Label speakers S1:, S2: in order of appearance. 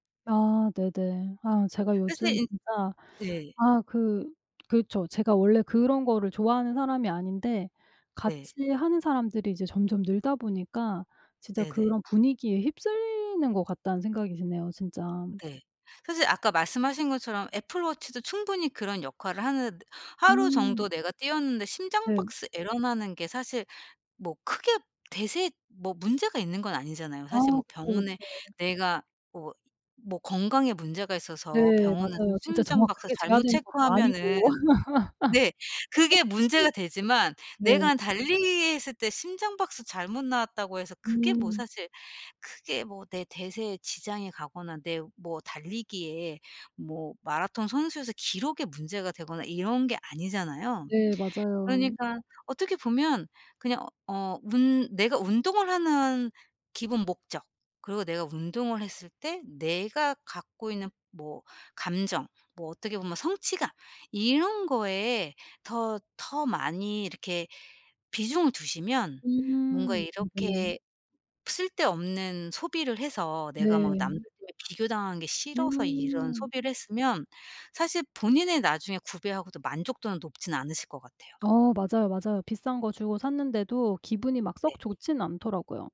S1: 아 네네. 아 제가
S2: 사실
S1: 요즘
S2: 인
S1: 진짜
S2: 네.
S1: 아 그 그렇죠. 제가 원래 그런 거를 좋아하는 사람이 아닌데
S2: 네.
S1: 같이 하는 사람들이 이제 점점 늘다 보니까 진짜
S2: 네네.
S1: 그런 분위기에 휩쓸리는 것 같다는 생각이 드네요 진짜.
S2: 네. 사실 아까 말씀하신 것처럼 애플워치도 충분히 그런 역할을 하는 하루
S1: 음.
S2: 정도 내가 뛰었는데 심장
S1: 네.
S2: 박수 에러 나는 게 사실 뭐 크게 대세 뭐 문제가 있는 건 아니잖아요.
S1: 아
S2: 사실 뭐
S1: 그쵸,
S2: 병원에
S1: 그쵸.
S2: 내가 뭐 뭐 건강에 문제가 있어서
S1: 네
S2: 병원에서
S1: 맞아요. 진짜
S2: 심장 박수
S1: 정확하게 재야
S2: 잘못
S1: 되는 것도
S2: 체크하면은
S1: 아니고.
S2: 네. 그게 문제가 되지만
S1: 네.
S2: 내가 달리기했을 때 심장 박수 잘못 나왔다고 해서 그게 뭐
S1: 음.
S2: 사실 크게 뭐 내 대세에 지장이 가거나 내 뭐 달리기에 뭐 마라톤 선수에서 기록에 문제가 되거나 이런 게 아니잖아요.
S1: 네 맞아요.
S2: 그러니까 어떻게 보면 그냥 어 어 운 내가 운동을 하는 기본 목적 그리고 내가 운동을 했을 때 내가 갖고 있는 뭐 감정 뭐 어떻게 보면 성취감 이런 거에 더 더 많이 이렇게 비중을 두시면 뭔가
S1: 음. 음 네.
S2: 이렇게 쓸데없는 소비를 해서 내가 막 남들에
S1: 네.
S2: 비교당하는 게 싫어서 이런
S1: 음.
S2: 소비를 했으면 사실 본인이 나중에 구비하고도 만족도는 높진 않으실 것 같아요.
S1: 어 맞아요, 맞아요. 비싼 거 주고 샀는데도 기분이 막
S2: 네.
S1: 썩 좋진 않더라고요.